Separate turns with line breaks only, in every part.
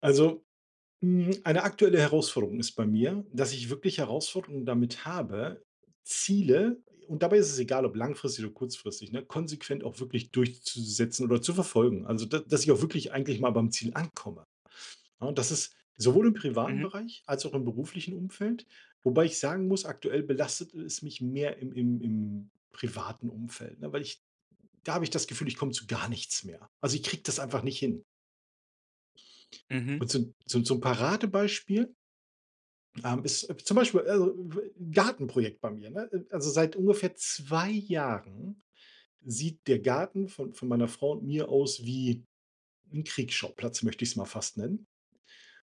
Also, hm, eine aktuelle Herausforderung ist bei mir, dass ich wirklich Herausforderungen damit habe, Ziele und dabei ist es egal, ob langfristig oder kurzfristig, ne, konsequent auch wirklich durchzusetzen oder zu verfolgen. Also da dass ich auch wirklich eigentlich mal beim Ziel ankomme. Ja, und das ist sowohl im privaten
Mhm.
Bereich als auch im beruflichen Umfeld, wobei ich sagen muss: „Aktuell belastet es mich mehr im im im privaten Umfeld“, ne, weil ich da habe ich das Gefühl, ich komme zu gar nichts mehr. Also. ich kriege das einfach nicht hin.
Mhm.
Und so 'n so 'n Paradebeispiel, ähm, ist, zum Beispiel, Gartenprojekt bei mir, ne? Äh äh, also seit ungefähr 2 Jahren sieht der Garten von von meiner Frau und mir aus wie 'n „Kriegsschauplatz“, möchte ich's mal fast nennen.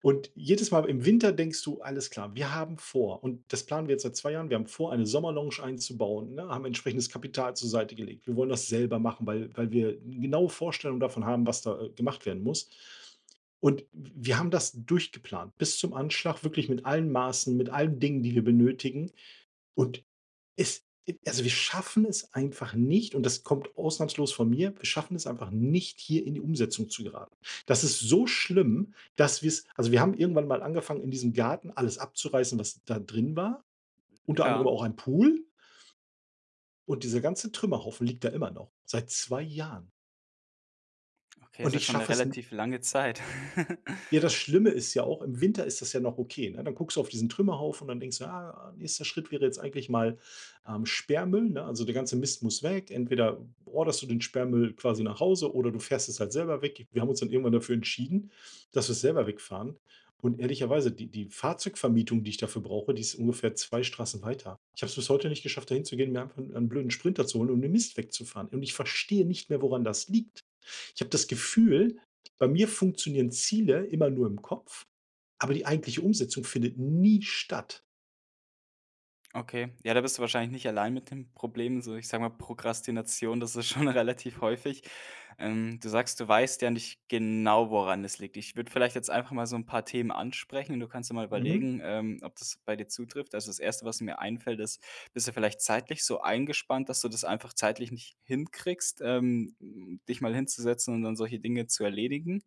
Und jedes Mal im Winter denkst du, alles klar, wir haben vor und das planen wir jetzt seit 2 Jahren, wir haben vor eine Sommerlounge einzubauen, ne, haben entsprechendes Kapital zur Seite gelegt. Wir wollen das selber machen, weil weil wir 'n genaue Vorstellung davon haben, was da, äh, gemacht werden muss. Und w wir haben das durchgeplant bis zum Anschlag wirklich mit allen Maßen, mit allen Dingen, die wir benötigen. Und es, e also wir schaffen es einfach nicht und das kommt ausnahmslos von mir, wir schaffen es einfach nicht, hier in die Umsetzung zu geraten. Das ist so schlimm, dass wir's also, wir haben irgendwann mal angefangen, in diesem Garten alles abzureißen, was da drin war, unter anderem
Ja.
auch ein Pool und dieser ganze Trümmerhaufen liegt da immer noch, seit 2 Jahren.
Okay, ist
Und
ja
ich
schon 'ne
schaffe es n
relativ lange Zeit.
ja, das Schlimme ist ja auch, im Winter ist das ja noch okay, ne? Dann guckst du auf diesen Trümmerhaufen und dann denkst du: „Ah, nächster Schritt wäre jetzt eigentlich mal, ähm, Sperrmüll, ne? Also, der ganze Mist muss weg“. Entweder orderst du den Sperrmüll quasi nach Hause oder du fährst es halt selber weg. Wir haben uns dann irgendwann dafür entschieden, dass wir 's selber wegfahren. Und ehrlicherweise, die die Fahrzeugvermietung, die ich dafür brauche, die ist ungefähr 2 Straßen weiter. Ich habe es bis heute nicht geschafft, dahin zu gehen, mir einfach 'n 'n blöden Sprinter zu holen um den Mist wegzufahren. Und ich verstehe nicht mehr, woran das liegt. Ich habe das Gefühl, bei mir funktionieren Ziele immer nur im Kopf, aber die eigentliche Umsetzung findet nie statt.
Okay, ja, da bist du wahrscheinlich nicht allein mit dem Problem, so ich sag mal: „Prokrastination, das ist schon relativ häufig“. Ähm, du sagst: „Du weißt ja nicht genau, woran es liegt“. Ich würde vielleicht jetzt einfach mal so 'n paar Themen ansprechen, du kannst dir mal
Mhm.
überlegen, ähm, ob das bei dir zutrifft. Also, das 1., was mir einfällt ist: „Bist du vielleicht zeitlich so eingespannt, dass du das einfach zeitlich nicht hinkriegst, ähm, m dich mal hinzusetzen und dann solche Dinge zu erledigen?“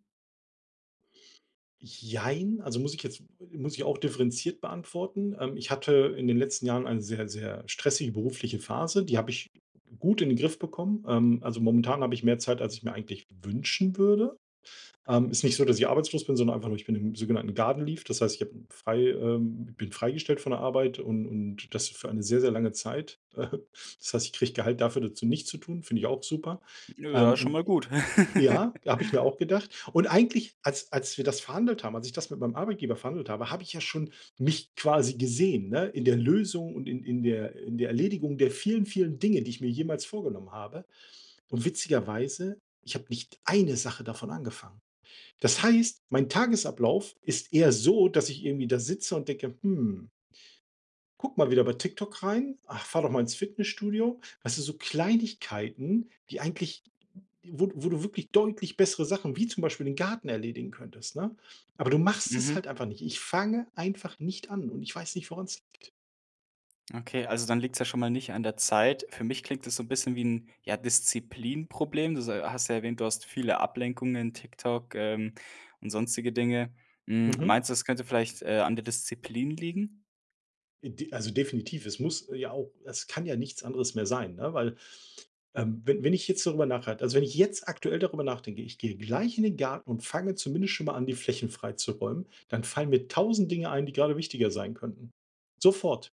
Jein, also, muss ich jetzt muss ich auch differenziert beantworten. Ähm, ich hatte in den letzten Jahren eine sehr, sehr stressige berufliche Phase, die habe ich gut in den Griff bekommen. Ähm, also, momentan habe ich mehr Zeit, als ich mir eigentlich wünschen würde. Ähm, ist nicht so, dass ich arbeitslos bin, sondern einfach nur ich bin im sogenannten garden leave. Das heißt, ich habe frei ähm, bin freigestellt von der Arbeit und und das für eine sehr, sehr lange Zeit. Äh. Das heißt, ich kriege Gehalt dafür zu nichts zu tun, finde ich auch super. Ähm,
Ja, schon
und
mal gut.
ja, habe ich mir auch gedacht. Und eigentlich, als als wir das verhandelt haben, als ich das mit meinem Arbeitgeber verhandelt habe, habe ich ja schon mich quasi gesehen, ne, in der Lösung und in in der in der Erledigung der vielen, vielen Dinge, die ich mir jemals vorgenommen habe. Und witzigerweise, ich habe nicht 1 Sache davon angefangen. Das heißt, mein Tagesablauf ist eher so, dass ich irgendwie da sitze und denke: „Hm.“ „Guck mal wieder bei TikTok rein, ach, fahr doch mal ins Fitnessstudio,“ weißt du, so Kleinigkeiten, die eigentlich wo wo du wirklich deutlich bessere Sachen, wie zum Beispiel den Garten, erledigen könntest, ne? Aber du machst es
Mhm.
halt einfach nicht. Ich fange einfach nicht an und ich weiß nicht, woran's liegt.
Okay, also dann liegt's ja schon mal nicht an der Zeit. Für mich klingt es so 'n bisschen wie 'n, ja, Disziplinproblem. Du so hast ja erwähnt, du hast viele Ablenkungen, TikTok, ähm, und sonstige Dinge. Hm,
Mhm.
meinst du, das könnte vielleicht, äh, an der Disziplin liegen?
Äh, d also definitiv, es muss ja auch es kann ja nichts anderes mehr sein, ne, weil, ähm, we wenn ich jetzt darüber nachhalte also wenn ich jetzt aktuell darüber nachdenke, ich gehe gleich in den Garten und fange zumindest schonmal an, die Flächen freizuräumen, dann fallen mir 1.000 Dinge ein, die grade wichtiger sein könnten. Sofort.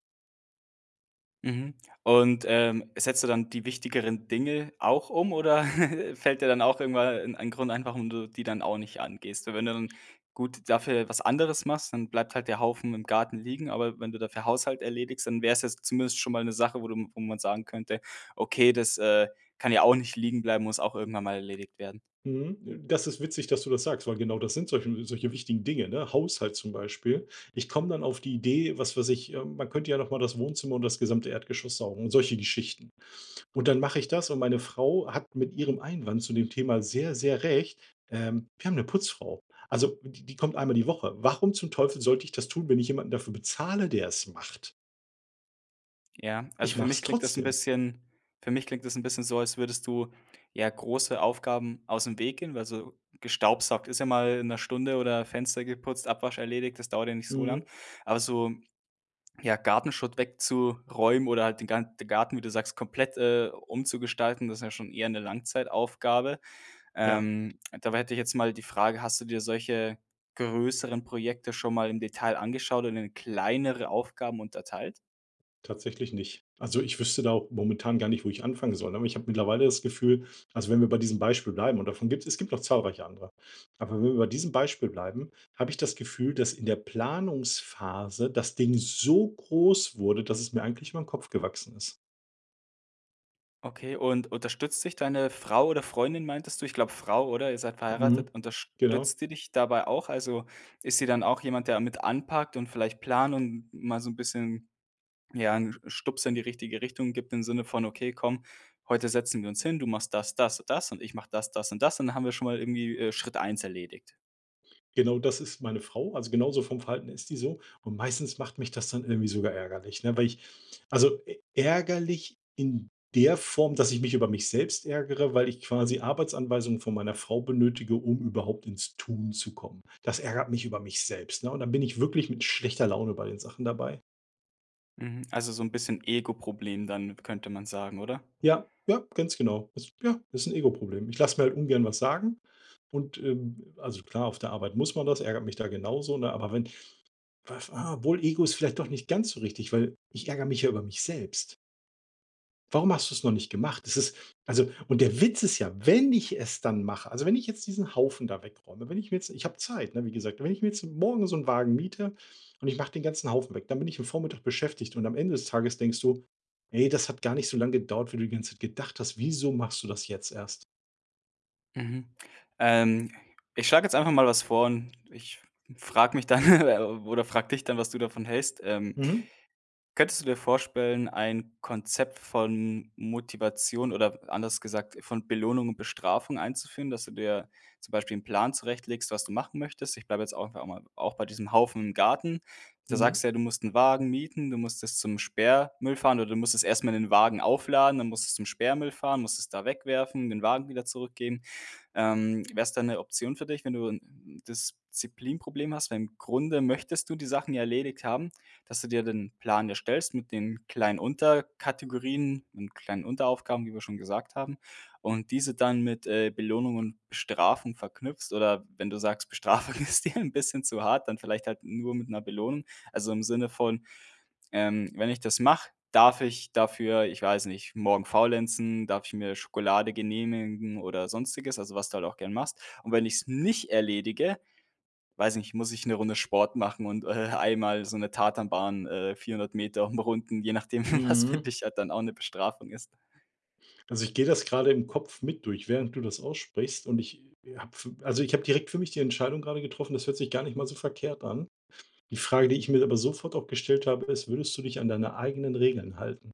Mhm. Und, ähm, setzt du dann die wichtigeren Dinge auch um oder fällt dir dann auch irgendwann e e 'n ein Grund ein warum du die dann auch nicht angehst? W wenn du dann, gut, dafür was anderes machst, dann bleibt halt der Haufen im Garten liegen. Aber wenn du dafür Haushalt erledigst, dann wäre es jetzt zumindest schon mal 'ne Sache, wo du wo man sagen könnte: „Okay das, äh, kann ja auch nicht liegen bleiben, muss auch irgendwann mal erledigt werden“.
Mhm, das ist witzig, dass du das sagst, weil genau das sind solche solche wichtigen Dinge, ne? Haushalt zum Beispiel. Ich komme dann auf die Idee, was weiß ich, äh: „Man könnte ja nochmal das Wohnzimmer und das gesamte Erdgeschoss saugen“, solche Geschichten. Und dann mache ich das und meine Frau hat mit ihrem Einwand zu dem Thema sehr, sehr recht, ähm: „Wir haben 'ne Putzfrau.“ Also die die kommt einmal die Woche. Warum zum Teufel sollte ich das tun, wenn ich jemanden dafür bezahle, der es macht?
Ja, also
Ich
für mich
mach's
klingt das 'n
trotzdem.
bisschen für mich klingt das 'n bisschen so, als würdest du, ja, große Aufgaben aus dem Weg gehen, weil so gestaubsaugt ist ja mal in 'ner Stunde oder Fenster geputzt Abwasch erledigt, das dauert ja nicht so lang.
Mhm.
Aber so, ja, Gartenschutt wegzuräumen oder halt den Ga den Garten, wie du sagst, komplett, äh, umzugestalten, das ist ja schon eher 'ne Langzeitaufgabe.
Ja.
Ähm, dabei hätte ich jetzt mal die Frage: „Hast du dir solche größeren Projekte schon mal im Detail angeschaut und in kleinere Aufgaben unterteilt?“
Tatsächlich nicht. Also, ich wüsste da momentan gar nicht, wo ich anfangen soll, aber ich habe mittlerweile das Gefühl also wenn wir bei diesem Beispiel bleiben und davon gibt es gibt noch zahlreiche andere. Aber wenn wir bei diesem Beispiel bleiben, habe ich das Gefühl, dass in der Planungsphase das Ding so groß wurde, dass es mir eigentlich über 'n Kopf gewachsen ist.
Okay, und unterstützt sich deine Frau- oder Freundin, meintest du, ich glaube Frau oder ihr seid verheiratet-
Mhm, genau.
unterstützt die dich dabei auch? Also, ist sie dann auch jemand, der mit anpackt und vielleicht Plan und mal so 'n bisschen, ja, 'n Sch Stups in die richtige Richtung gibt, im Sinne von: „Okay, komm, heute setzen wir uns hin, du machst das das und das und ich mache das, das und das und dann haben wir schon mal irgendwie, äh, Schritt 1 erledigt.“
Genau das ist meine Frau, also genauso vom Verhalten ist die so und meistens macht mich das dann irgendwie sogar ärgerlich, ne? Weil ich also ärgerlich in der Form, dass ich mich über mich selbst ärgere, weil ich quasi Arbeitsanweisungen von meiner Frau benötige, um überhaupt ins Tun zu kommen. Das ärgert mich über mich selbst, ne? Und dann bin ich wirklich mit schlechter Laune bei den Sachen dabei.
Mhm. Also so 'n bisschen Ego-Problem dann könnte man sagen, oder?
Ja, ja, ganz genau. Ist ja ist 'n Ego-Problem. Ich lasse mir ungern was sagen und, ähm also klar, auf der Arbeit muss man das, ärgert mich da genauso, ne? Aber wenn obwohl Ego ist vielleicht doch nicht ganz so richtig, weil ich ärgere mich ja über mich selbst. Warum hast du's noch nicht gemacht? Das ist also, und der Witz ist ja, wenn ich es dann mache, also, wenn ich jetzt diesen Haufen da wegräume, wenn ich mir jetzt ich habe Zeit, ne, wie gesagt, wenn ich mir jetzt morgen so 'n Wagen miete und ich mache den ganzen Haufen weg, dann bin ich 'n Vormittag beschäftigt und am Ende des Tages denkst du: „Ne, das hat gar nicht so lang gedauert, wie du die ganze Zeit gedacht hast, wieso machst du das jetzt erst?“
Mhm. Ähm, ich schlage jetzt einfach mal was vor und ich frage mich dann oder frage dich dann, was du davon hältst. Ähm,
Mhm.
könntest du dir vorstellen, ein Konzept von Motivation oder anders gesagt, von Belohnung und Bestrafung einzuführen, dass du dir zum Beispiel 'n Plan zurechtlegst, was du machen möchtest? Ich bleibe jetzt auch einmal auch bei diesem Haufen im Garten. Da
Mhm.
sagst du ja, du musst 'n Wagen mieten, du musst es zum Sperrmüll fahren oder du musst es erst mal in den Wagen aufladen, dann musst es zum Sperrmüll fahren, musst es da wegwerfen, den Wagen wieder zurückgehen. Ähm, wäre es denn 'ne Option für dich- wenn du 'n Disziplinproblem hast- weil im Grunde möchtest du die Sachen ja erledigt haben, dass du dir den Plan erstellst mit den kleinen Unterkategorien und kleinen Unteraufgaben, wie wir schon gesagt haben und diese dann mit, äh, Belohnung und Bestrafung verknüpfst. Oder wenn du sagst, Bestrafung ist dir 'n bisschen zu hart, dann vielleicht halt nur mit 'ner Belohnung. Also, im Sinne von, ähm: „Wenn ich das mache, darf ich dafür- ich weiß nicht- morgen faulenzen, darf ich mir Schokolade genehmigen“ oder sonstiges, also, was du halt auch gern machst. Und wenn ich's nicht erledige- weiß ich nicht- muss ich 'ne Runde Sport machen und, äh, einmal so 'ne Tartanbahn, äh, 400 m umrunden, je nachdem, was für
Mhm.
dich halt dann auch 'ne Bestrafung ist.
Also ich gehe das gerade im Kopf mit durch, während du das aussprichst und ich, äh, habe also ich habe direkt für mich die Entscheidung gerade getroffen das hört sich gar nicht mal so verkehrt an. Die Frage, die ich mir aber sofort auch gestellt habe, ist: „Würdest du dich an deine eigenen Regeln halten?“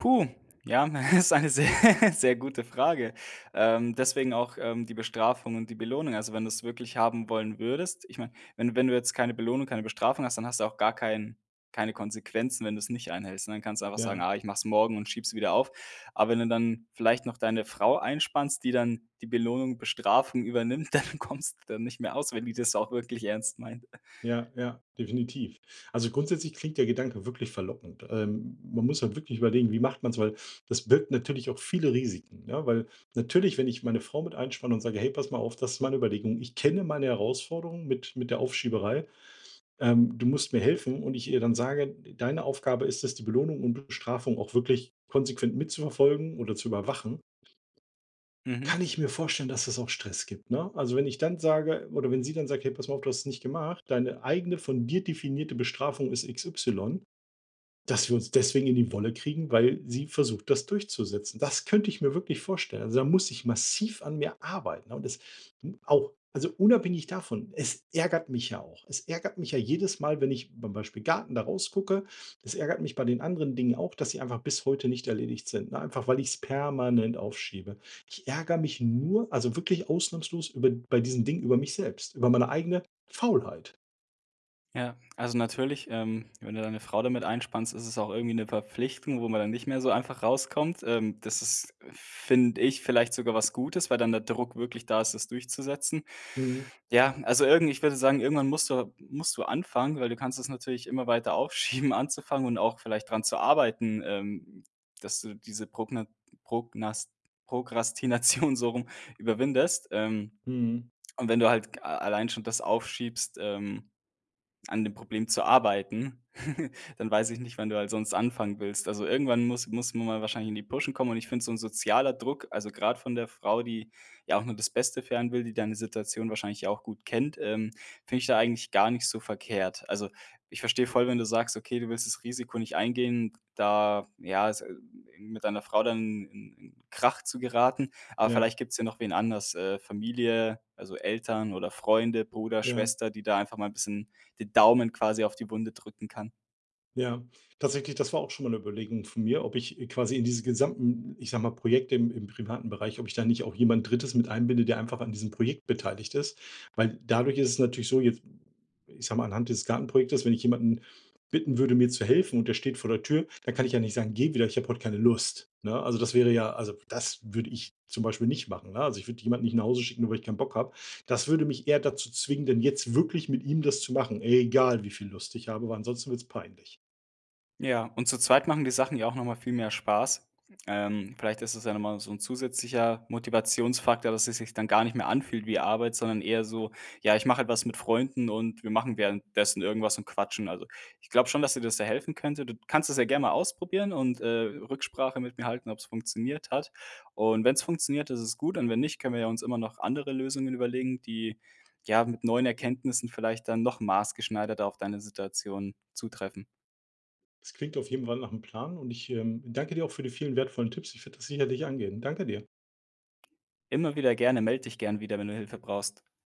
Puh, ja, hm, ist eine sehr, sehr gute Frage. Ähm, deswegen auch, ähm, die Bestrafung und die Belohnung, also wenn du's wirklich haben wollen würdest ich meine wenn wenn du jetzt keine Belohnung, keine Bestrafung hast, dann hast du auch gar kein keine Konsequenzen, wenn du es nicht einhältst. Ne, dann kannst du einfach sagen:
Ja.
„Ah, ich mache es morgen und schiebe sie wieder auf“. Aber wenn du dann vielleicht noch deine Frau einspannst, die dann die Belohnung, Bestrafung übernimmt, dann kommst dann nicht mehr aus, wenn die das auch wirklich ernst meint.
Ja, ja, definitiv. Also grundsätzlich klingt der Gedanke wirklich verlockend. Ähm, m man muss halt wirklich überlegen: „Wie macht man's?“ Weil das birgt natürlich auch viele Risiken, ne, weil natürlich, wenn ich meine Frau mit einspanne und sage: „Hey, pass mal auf, das ist meine Überlegung. Ich kenne meine Herausforderung mit mit der Aufschieberei. Ähm, du musst mir helfen“, und ich ihr dann sage: „D deine Aufgabe ist es, die Belohnung und Bestrafung auch wirklich konsequent mitzuverfolgen oder zu überwachen“.
Mhm.
Kann ich mir vorstellen, dass das auch Stress gibt, ne? Also wenn ich dann sage oder wenn sie dann sagt: „Hey, pass mal, du hast es nicht gemacht, deine eigene von dir definierte Bestrafung ist x, y“, dass wir uns deswegen in die Wolle kriegen, weil sie versucht, das durchzusetzen. Das könnte ich mir wirklich vorstellen. Also da muss ich massiv an mir arbeiten und das hm, auch also unabhängig davon, es ärgert mich ja auch. Es ärgert mich ja jedes Mal, wenn ich bei Beispiel Garten da rausgucke, das ärgert mich bei den anderen Dingen auch, dass sie einfach bis heute nicht erledigt sind, ne? Einfach weil ich's permanent aufschiebe. Ich ärgere mich nur also wirklich ausnahmslos über bei diesen Dingen über mich selbst, über meine eigene Faulheit.
Ja, also, natürlich, ähm, wenn du deine Frau damit einspannst, ist es auch irgendwie 'ne Verpflichtung, wo man dann nicht mehr so einfach rauskommt. Ähm, das ist, finde ich, vielleicht sogar was Gutes, weil dann der Druck wirklich da ist, das durchzusetzen.
Mhm.
Ja, also, irgend ich würde sagen, irgendwann musst du musst du anfangen, weil du kannst es natürlich immer weiter aufschieben anzufangen und auch vielleicht dran zu arbeiten, ähm, dass du diese Progna Prognas Prokrastination- so rum- überwindest. Ähm,
Mhm.
und wenn du halt g a allein schon das aufschiebst, ähm, an dem Problem zu arbeiten, dann weiß ich nicht, wann du halt sonst anfangen willst. Also, irgendwann muss muss man mal wahrscheinlich in die Puschen kommen und ich finde so 'n sozialer Druck, also, grad von der Frau, die ja auch nur das Beste für einen will, die deine Situation wahrscheinlich ja auch gut kennt, ähm, finde ich da eigentlich gar nicht so verkehrt. Also, ich verstehe voll, wenn du sagst: „Okay, du willst das Risiko nicht eingehen“, da, ja, es hm, mit deiner Frau dann in in Krach zu geraten. Aber
Ja.
vielleicht gibt's ja noch wen anders, äh, Familie, also, Eltern oder Freunde, Bruder,
Ja.
Schwester, die da einfach mal 'n bisschen die Daumen quasi auf die Wunde drücken kann.
Ja, tatsächlich, das war auch schon mal 'ne Überlegung von mir, ob ich, äh, quasi in diese gesamten, ich sage mal: „Projekte im im privaten Bereich“, ob ich da nicht auch jemand 3. mit einbinde, der einfach an diesem Projekt beteiligt ist. Weil dadurch ist es natürlich so, jetzt, ich sage mal: „Anhand dieses Gartenprojektes“, wenn ich jemanden bitten würde, mir zu helfen und der steht vor der Tür, da kann ich, ja, nicht sagen: „Geh wieder, ich habe heut keine Lust“, ne? Also das wäre, ja also das würde ich zum Beispiel nicht machen, ne? Also, ich würd jemanden nicht nach Hause schicken, nur weil ich keinen Bock habe. Das würde mich eher dazu zwingen, denn jetzt wirklich mit ihm das zu machen, egal wie viel Lust ich habe, weil ansonsten wird's peinlich.
Ja, und zu zweit machen die Sachen ja auch noch mal viel mehr Spaß. Ähm, vielleicht ist es ja noch mal so 'n zusätzlicher Motivationsfaktor, dass es sich dann gar nicht mehr anfühlt wie Arbeit, sondern eher so: „Ja, ich mache etwas mit Freunden und wir machen währenddessen irgendwas und quatschen.“ Also, ich glaube schon, dass dir das sehr helfen könnte. D du kannst es ja gern mal ausprobieren und, äh, Rücksprache mit mir halten, ob's funktioniert hat. Und wenn's funktioniert, ist es gut und wenn nicht, können wir ja uns immer noch andere Lösungen überlegen, die, ja, mit neuen Erkenntnissen vielleicht dann noch maßgeschneiderter auf deine Situation zutreffen.
Es klingt auf jeden Fall nach 'nem Plan und ich, ähm, danke dir auch für die vielen wertvollen Tipps. Ich werde das sicherlich angehen. Danke dir!
Immer wieder gerne. Meld dich gern wieder, wenn du Hilfe brauchst.